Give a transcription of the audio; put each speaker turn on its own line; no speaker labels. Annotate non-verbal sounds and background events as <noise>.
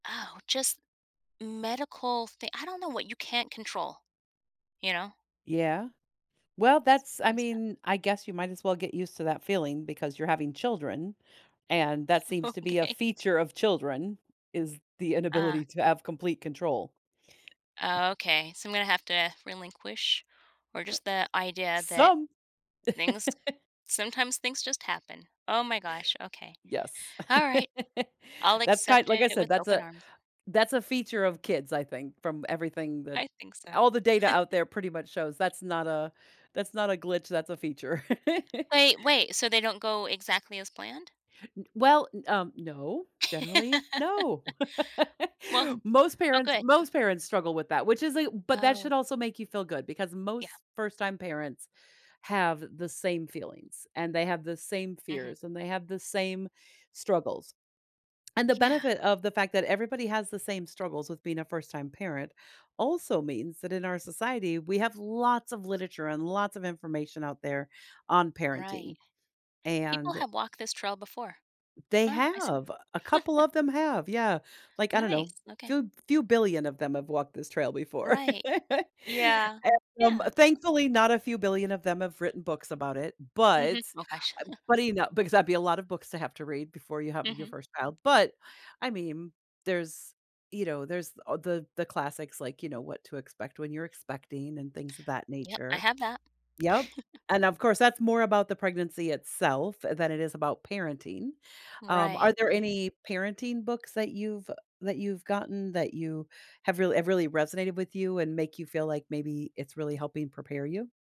Oh, just medical thin I don't know, what you can't control, you know?
Yeah. Well,
S
that's I
always
mean, I guess you might as well get used to that feeling because you're having children and that seems to be a
Okay.
feature of children, is the
Ah.
inability to have complete control.
Oh okay, so I'm gonna have to relinquish or just the idea that
Some!
things
<chuckles>
sometimes things just happen. Oh my gosh, okay.
Yes.
Alright. I'll
<laughs> That's kind
accept
like I
it with
said, that's
open
a
arms.
that's a feature of kids, I think, from everything that
I think so.
all the data out
<chuckles>
there pretty much shows, that's not a that's not a glitch, that's a feature. <laughs>
Wait, wait, so they don't go exactly as planned?
N well, n um, no. Generally, no. <laughs>
<laughs> Well
Most
oh,
parents
good, 'cau
most parents struggle with that, which is a but that should
Oh.
also make you feel good because
Yeah.
most first-time parents have the same feelings, and they have the same
Mhm.
fears, and they have the same struggles. And the
Yeah.
benefit of the fact that everybody has the same struggles with being a first-time parent also means that in our society, we have lots of literature and lots of information out there on parenting.
Right. People
And
have walked this trail before.
they
Ah, I see.
have, a couple
<chuckles>
of them have, yeah. Like, I don't know,
Nice, okay.
few few billion of them have walked this trail before.
Right.
<laughs>
Yeah,
And, um,
yeah.
thankfully, not a few billion of them have written books about it,
Mhm,
but
oh gosh.
uh, but,
<chuckles>
you know because that'd be a lot of books to have to read before you have your
Mhm.
first child, but, I mean, there's you know, there's a the the classics like, you know, What to Expect When You're Expecting and things of that
Yep, I
nature.
have that.
Yep.
<chuckles>
And of course, that's more about the pregnancy itself than it is about parenting. Um, are
Right,
there
right.
any parenting books that you've that you've gotten that you have really have really resonated with you and make you feel like maybe it's really helping prepare you?